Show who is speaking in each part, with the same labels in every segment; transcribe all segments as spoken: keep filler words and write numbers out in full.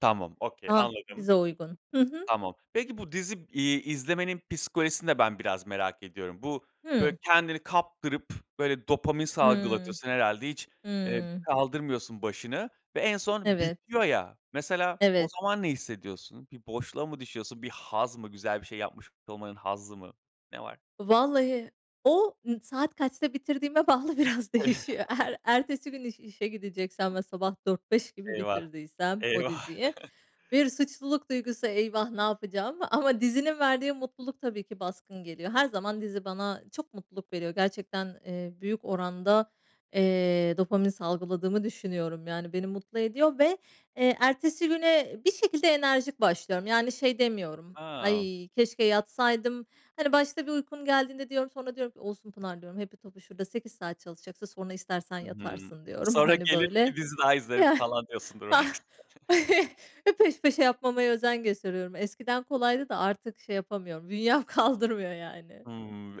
Speaker 1: Tamam, okay,
Speaker 2: Ah!
Speaker 1: anladım.
Speaker 2: Bize uygun. Hı hı.
Speaker 1: Tamam, peki, bu dizi, iii, izlemenin psikolojisini de ben biraz merak ediyorum. Bu böyle
Speaker 2: Hımm.
Speaker 1: kendini kaptırıp, böyle, dopamin
Speaker 2: Hımm.
Speaker 1: salgılatıyorsun herhâlde hiç, eee,
Speaker 2: Hımm.
Speaker 1: kaldırmıyorsun başını ve en son
Speaker 2: Evet.
Speaker 1: bitiyor ya, mesela o
Speaker 2: Evet.
Speaker 1: zaman ne hissediyorsun? Bir boşluğa mı düşüyorsun? Bir haz mı? Güzel bir şey yapmış olmanın hazzı mı? Ne var?
Speaker 2: Vallahi o, ımm, saat kaçta bitirdiğime bağlı biraz değişiyor. Eğer ertesi gün iş işe gideceksem ve sabah dört beş gibi
Speaker 1: Eyvah!
Speaker 2: bitirdiysem o
Speaker 1: Eyvah!
Speaker 2: diziyi, bir suçluluk duygusu, "Eyvah, ne yapacağım?" Ama dizinin verdiği mutluluk tabii ki baskın geliyor. Her zaman dizi bana çok mutluluk veriyor. Gerçekten, eee, büyük oranda, eee, dopamin salgıladığımı düşünüyorum. Yani beni mutlu ediyor ve, eee, ertesi güne bir şekilde enerjik başlıyorum. Yani şey demiyorum:
Speaker 1: A!
Speaker 2: "Ay, keşke yatsaydım." Hani, başta bir uykum geldiğinde diyorum sonra diyorum ki, "Olsun Pınar," diyorum. "hepi topu şurada sekiz saat çalışacaksın, sonra istersen
Speaker 1: Hı hı.
Speaker 2: yatarsın." diyorum.
Speaker 1: "Sonra
Speaker 2: Hani,
Speaker 1: gelir
Speaker 2: böyle
Speaker 1: bir dizi daha izlerim." falan diyorsundur
Speaker 2: Ah!
Speaker 1: belki.
Speaker 2: E, peş peşe yapmamaya özen gösteriyorum eskiden kolaydı da artık şey yapamıyorum bünyem kaldırmıyor yani.
Speaker 1: Hımm,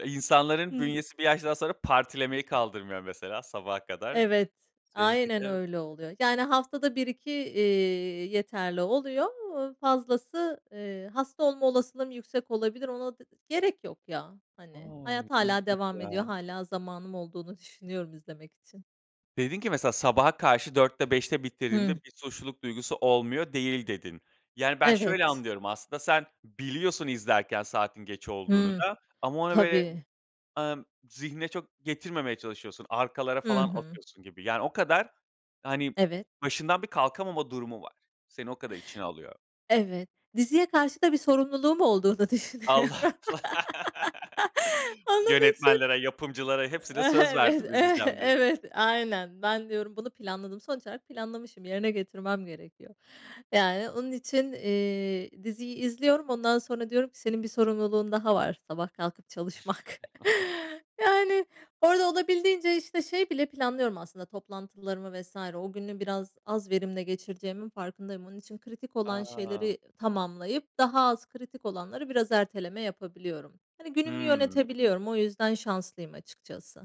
Speaker 2: Hı
Speaker 1: insanların
Speaker 2: hı.
Speaker 1: bünyesi bir yaştan sonra partilemeyi kaldırmıyor mesela sabaha kadar.
Speaker 2: Evet,
Speaker 1: Seninki
Speaker 2: aynen
Speaker 1: de
Speaker 2: öyle oluyor. Yani haftada bir iki, iii, yeterli oluyor, eee, fazlası, eee, hasta olma olasılığım yüksek olabilir, ona d gerek yok ya,
Speaker 1: A,
Speaker 2: hani. Hayat hâlâ
Speaker 1: ilginç
Speaker 2: devam ediyor.
Speaker 1: ya.
Speaker 2: Hâlâ zamanım olduğunu düşünüyorum izlemek için.
Speaker 1: Dedin ki mesela, "Sabaha karşı dörtte beşte bitirdiğimde
Speaker 2: Hıh.
Speaker 1: bir suçluluk duygusu olmuyor değil." dedin. Yani ben şöyle
Speaker 2: Evet.
Speaker 1: anlıyorum: Aslında sen biliyorsun izlerken saatin geç olduğunu
Speaker 2: Hımm.
Speaker 1: da ama ona böyle,
Speaker 2: Tabii.
Speaker 1: ımm, zihne çok getirmemeye çalışıyorsun. Arkalara
Speaker 2: Hı
Speaker 1: falan
Speaker 2: hı.
Speaker 1: atıyorsun gibi. Yani o kadar, hani,
Speaker 2: Evet.
Speaker 1: başından bir kalkamama durumu var. Seni o kadar içine alıyor.
Speaker 2: Evet. Diziye karşı da bir sorumluluğum olduğunu
Speaker 1: Allah!
Speaker 2: düşünüyorum. Onun için
Speaker 1: Yönetmenlere, yapımcılara hepsine söz
Speaker 2: Evet,
Speaker 1: verdim,
Speaker 2: ev
Speaker 1: izleyeceğim diye.
Speaker 2: evet, aynen. Ben diyorum bunu planladım. Sonuç olarak planlamışım, yerine getirmem gerekiyor. Yani onun için, eee, diziyi izliyorum. Ondan sonra diyorum ki, "Senin bir sorumluluğun daha var: Sabah kalkıp çalışmak." Yani orada olabildiğince, işte, şey bile planlıyorum, aslında, toplantılarımı vs. O günü biraz az verimle geçireceğimin farkındayım. Onun için kritik olan şeyleri, iii,
Speaker 1: A!
Speaker 2: tamamlayıp daha az kritik olanları biraz erteleme yapabiliyorum. Hani, günümü
Speaker 1: Hımm.
Speaker 2: yönetebiliyorum, o yüzden şanslıyım açıkçası.